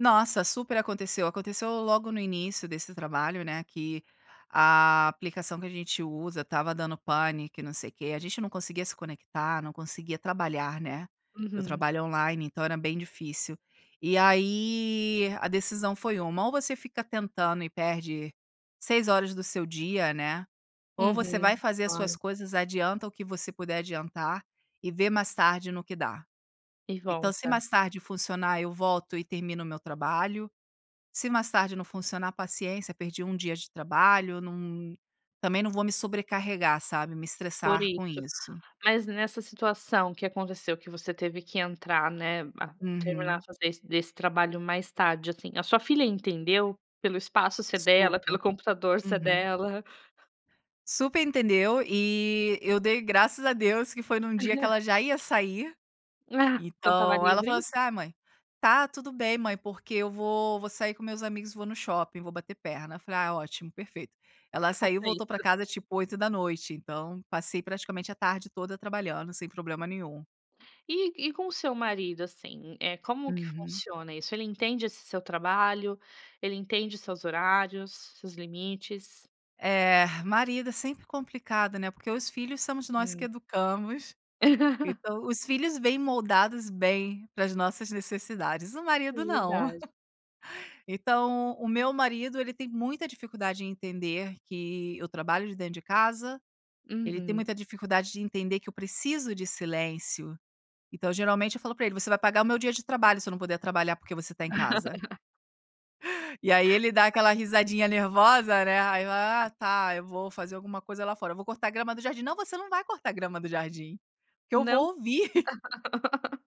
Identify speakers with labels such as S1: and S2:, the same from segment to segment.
S1: Nossa, super aconteceu, aconteceu logo no início desse trabalho, né, que, a aplicação que a gente usa, estava dando pane que não sei quê, a gente não conseguia se conectar, não conseguia trabalhar, né. Eu
S2: Uhum.
S1: trabalho online, então, era bem difícil. E aí a decisão foi uma ou você fica tentando e perde 6 horas do seu dia, né, ou você vai
S2: Uhum.
S1: fazer as suas
S2: Claro.
S1: coisas, adianta o que você puder adiantar, e vê mais tarde no que dá.
S2: E
S1: Então, se
S2: volta.
S1: mais tarde funcionar eu volto e termino o meu trabalho, se mais tarde não funcionar paciência, perdi 1 dia de trabalho, não, também não vou me sobrecarregar sabe, me
S2: Por
S1: estressar com
S2: isso,
S1: isso.
S2: mas nessa situação que aconteceu que você teve que entrar, né, a terminar a
S1: Uhum.
S2: fazer esse desse trabalho mais tarde, assim, a sua filha entendeu? Pelo espaço ser dela,
S1: Super.
S2: pelo computador ser
S1: Uhum.
S2: dela?
S1: Super entendeu, e eu dei graças a Deus que foi em um dia que ela já ia sair,
S2: Ah, então, estava
S1: então, ela falava,
S2: livre.
S1: assim, "Ai mãe, está tudo bem mãe, porque eu vou vou sair com meus amigos e vou no shopping vou bater perna", eu falei: "Ai ótimo perfeito", ela saiu
S2: Faça
S1: voltou para
S2: isso.
S1: casa tipo 20:00, então, passei praticamente a tarde toda trabalhando, sem problema nenhum.
S2: E e com o seu marido, assim, eh, como que
S1: Uhum.
S2: funciona isso? Ele entende esse seu trabalho, ele entende seus horários, seus limites?
S1: É, marido é sempre complicado, né, porque os filhos somos nós que
S2: Hum.
S1: educamos, então, os filhos vêm moldados bem para as nossas necessidades, o
S2: É
S1: marido não.
S2: verdade.
S1: Então, o meu marido ele tem muita dificuldade em entender, que eu trabalho de dentro de casa, ele tem
S2: Uhum.
S1: muita dificuldade de entender, que eu preciso de silêncio. Então, geralmente eu falo para ele, "Você vai pagar o meu dia de trabalho, se eu não puder trabalhar, porque você está em casa". E aí ele dá aquela risadinha nervosa, né, ai eu,
S2: Tá.
S1: "Ah tá, eu vou fazer alguma coisa lá fora, vou cortar grama do jardim", "Não você não vai cortar a grama do jardim, porque eu vou
S2: Não.
S1: ouvir".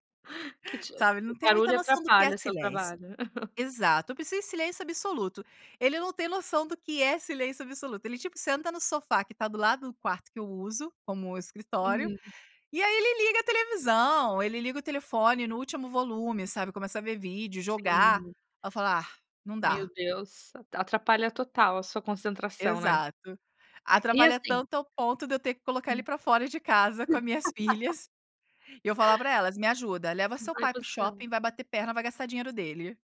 S2: Que te
S1: Sabe, ele
S2: o
S1: não tem muita
S2: barulho
S1: noção do que é
S2: atrapalha seu
S1: silêncio.
S2: trabalho.
S1: Exato, eu preciso de silêncio absoluto. Ele não tem noção do que é silêncio absoluto, ele, tipo, senta no sofá que está do lado do quarto que eu uso, como escritório,
S2: Uhum.
S1: e aí ele liga a televisão, ele liga o telefone no último volume, sabe, começa a ver vídeo, jogar,
S2: Sim.
S1: ai eu falo: "Ah não
S2: Meu
S1: dá".
S2: Deus, atrapalha total a sua concentração, né.
S1: Exato,
S2: E
S1: atrapalha
S2: assim
S1: tanto, ao ponto de eu ter que colocar ele
S2: Hum.
S1: para fora de casa com a minhas filhas, e eu falar para elas, "Me ajuda leva
S2: Não
S1: seu
S2: vai
S1: pai
S2: pro
S1: para o
S2: céu.
S1: shopping vai bater perna e vai gastar dinheiro dele".